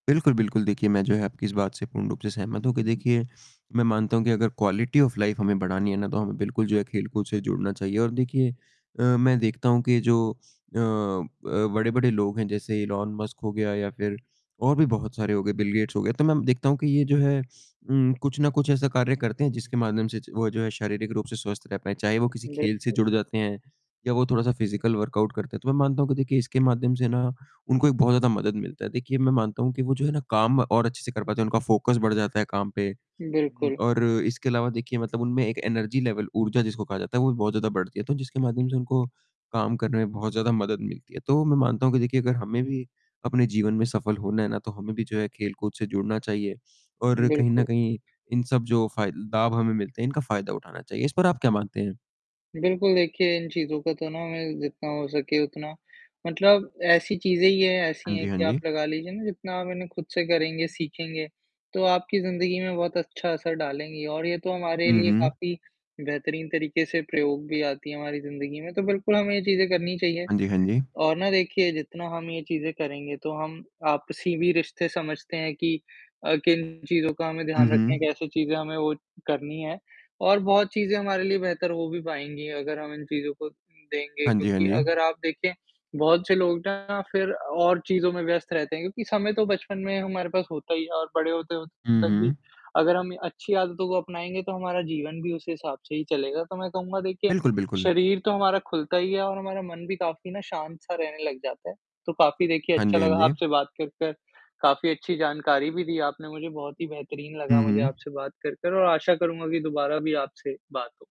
बिल्कुल, बिल्कुल देखिए मैं जो है आपकी इस बात से पूर्ण रूप से सहमत हूँ कि देखिए, मैं मानता हूँ कि अगर क्वालिटी ऑफ़ लाइफ हमें बढ़ानी है ना तो हमें बिल्कुल जो है खेलकूद से जुड़ना चाहिए और देखिए अ, मैं देखता हूँ कि जो अ अ, बड़े-बड़े लोग हैं, जैसे इलोन मस्क हो गया या फिर और भी बहुत सारे हो गए, बिल गेट्स हो गए, तो मैं देखता हूँ कि ये जो है उम, कुछ ना कुछ ऐसा कार्य करते हैं जिसके माध्यम से च वो जो है शारीरिक रूप से स्वस्थ रह पाएँ, चाहे वो किसी खेल से बिल्कुल। जुड़ जाते हैं, या वो थोड़ा-सा फिजिकल वर्कआउट करते हैं, तो मैं मानता हूँ, देखिए इसके माध्यम से ना, उनको एक बहुत ज़्यादा मदद मिलता है। देखिए मैं मानता हूँ कि वो जो है ना काम और अच्छे से कर पाते हैं, उनका फोकस बढ़ जाता है काम पे उम, बिल्कुल। और इसके अलावा देखिए मतलब उनमें एक एनर्जी लेवल ऊर्जा जिसको कहा जाता है वो भी बहुत ज़्यादा बढ़ती है, तो जिसके माध्यम से उनको काम करने में बहुत ज़्यादा मदद मिलती है। तो मैं मानता हूँ कि देखिए अगर हमें भी अपने जीवन में सफल होना है ना, तो हमें भी जो है खेल-कूद से जुड़ना चाहिए और कहीं न बिल्कुल। कहीं इन सब जो फाय लाभ हमें मिलते हैं, इनका फायदा उठाना चाहिए। इस पर आप क्या मानते हैं? बिल्कुल, देखिए इन चीज़ों का तो ना मैं जितना हो सके उतना मतलब ऐसी चीज़ें ही है, ऐसी हाँ है जी, हाँ कि आप जी। लगा लीजिए ना जितना आप इन्हें खुद से करेंगे, सीखेंगे, तो आपकी जिंदगी में बहुत अच्छा असर डालेंगे और ये तो हमारे हुँ, लिए हुँ। काफ़ी बेहतरीन तरीके से प्रयोग भी आती है, हमारी ज़िंदगी में तो बिल्कुल हमें ये चीज़ें करनी चाहिए। हाँ जी, हाँ जी। और ना देखिए जितना हम ये चीज़ें करेंगे तो हम आपसी भी रिश्ते समझते हैं कि अ, किन चीज़ों का हमें हुँ, ध्यान रखना है, हुँ। कैसे चीज़े हमें वो करनी है और बहुत चीज़ें हमारे लिए बेहतर हो भी पाएँगी अगर हम इन चीज़ों को देंगे हाँ जी, हाँ क्योंकि जी। अगर आप देखें, बहुत से लोग ना फिर और चीज़ों में व्यस्त रहते हैं, क्योंकि समय तो बचपन में हमारे पास होता ही है और बड़े होते-होते हुँ, तक भी हुँ। अगर हम अच्छी आदतों को अपनाएँगे तो हमारा जीवन भी उसी हिसाब से ही चलेगा, तो मैं कहूँगा देखिए, बिल्कुल, बिल्कुल। शरीर तो हमारा खुलता ही है और हमारा मन भी काफ़ी ना शांत-सा रहने लग जाता है। तो काफ़ी देखिए हाँ अच्छा जी, हाँ लगा जी। आपसे बात कर, कर, काफ़ी अच्छी जानकारी भी दी आपने मुझे, बहुत ही बेहतरीन लगा हुँ, मुझे हुँ। आपसे बात कर, कर और आशा करूँगा की दोबारा भी आपसे बात हो।